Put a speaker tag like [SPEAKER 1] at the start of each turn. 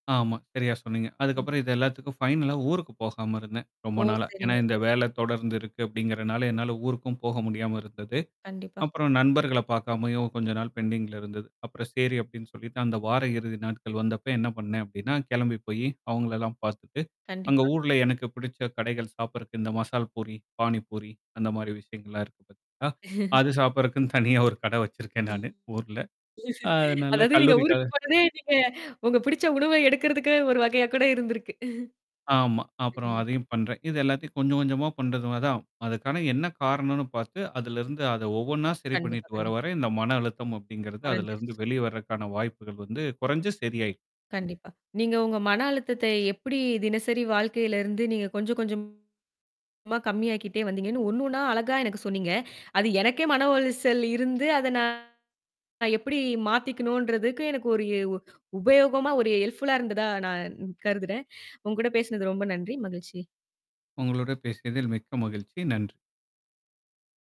[SPEAKER 1] ஆமா, சரியா சொன்னீங்க.
[SPEAKER 2] [unintelligible]
[SPEAKER 1] அதுக்கப்புறம் இது எல்லாத்துக்கும் ஃபைனலா ஊருக்குப் போகாம இருந்தேன். ரொம்ப
[SPEAKER 2] ஓ!
[SPEAKER 1] நாளா. ஏன்னா
[SPEAKER 2] சரிங்க.
[SPEAKER 1] இந்த
[SPEAKER 2] சரி.
[SPEAKER 1] வேல தொடர்ந்து இருக்கு அப்படிங்கிறதுனால, என்னால ஊருக்கும் போக முடியாம இருந்தது.
[SPEAKER 2] கண்டிப்பா.
[SPEAKER 1] அப்புறம் நண்பர்களைப் பாக்காமயும் கொஞ்ச நாள் பெண்டிங்ல இருந்தது. அப்புறம் செரி அப்படின்னு சொல்லித்தான், அந்த வார இறுதி நாட்கள் வந்தப்ப என்ன பண்ணேன் அப்படின்னா, கெளம்பி போயி, அவுங்களல்லாம் பாத்துட்டு, அங்க
[SPEAKER 2] கண்டிப்பா.
[SPEAKER 1] ஊர்ல எனக்குப் பிடிச்ச கடைகள் சாப்பிடறக்கு, இந்த மசால் பூரி, பானி பூரி அந்த மாதிரி விஷயங்கள் எல்லாம் இருக்கு பாத்தீங்களா. அது சாப்பிடறக்குன்னு தனியா ஒரு கடை வெச்சிருக்கேன் நானு ஊர்ல.
[SPEAKER 2] [unintelligible]
[SPEAKER 1] அதனால
[SPEAKER 2] அதாவது, நீங்க
[SPEAKER 1] கல்லூரிக் கா
[SPEAKER 2] ஊருக்குப் போனதே நீங்க, உங்க பிடிச்ச உணவை எடுக்குறதுக்கு ஒரு வகையா கூட இருந்திருக்கு.
[SPEAKER 1] ஆமா. அப்புறம்
[SPEAKER 2] [unintelligible]
[SPEAKER 1] அதையும் பண்றேன். இது எல்லாத்தையும் கொஞ்சம், கொஞ்சமா பண்றது மா தான். அதுக்கான என்னா காரணம்ன்னு பாத்து, அதிலிருந்து அத ஒவ்வொண்ணா சரி
[SPEAKER 2] கண்டிப்பா,
[SPEAKER 1] பண்ணிட்டு வர,
[SPEAKER 2] கண்டிப்பா.
[SPEAKER 1] வர இந்த மன அழுத்தம் அப்படிங்கிறது அதுல இருந்து
[SPEAKER 2] கொறஞ்சிருச்சு.
[SPEAKER 1] வெளிய வரக்கான வாய்ப்புகள் வந்து குறைஞ்சு, சரியாயி இந்த
[SPEAKER 2] கண்டிப்பா. நீங்க உங்க மன அழுத்தத்தை எப்படி தினசரி வாழ்க்கையில இருந்து நீங்கக் கொஞ்சம், கொஞ்சமா கம்மியாக்கிட்டே வந்தீங்கன்னு ஒண்ணு, ஒண்ணா அழகா எனக்குச் சொன்னீங்க. அது எனக்கே மன உளைச்சல் இருந்து, அத நான் எப்படி மாத்திக்கணும்ன்றதுக்கு எனக்கு ஒரு எ உ உபயோகமா, ஒரு ஹெல்ப்ஃபுல்லா இருந்ததா நான் கருதுறேன். உங்ககூட பேசினது ரொம்ப நன்றி, மகிழ்ச்சி.
[SPEAKER 1] உங்களோட பேசியதில் மிக்க மகிழ்ச்சி, நன்றி!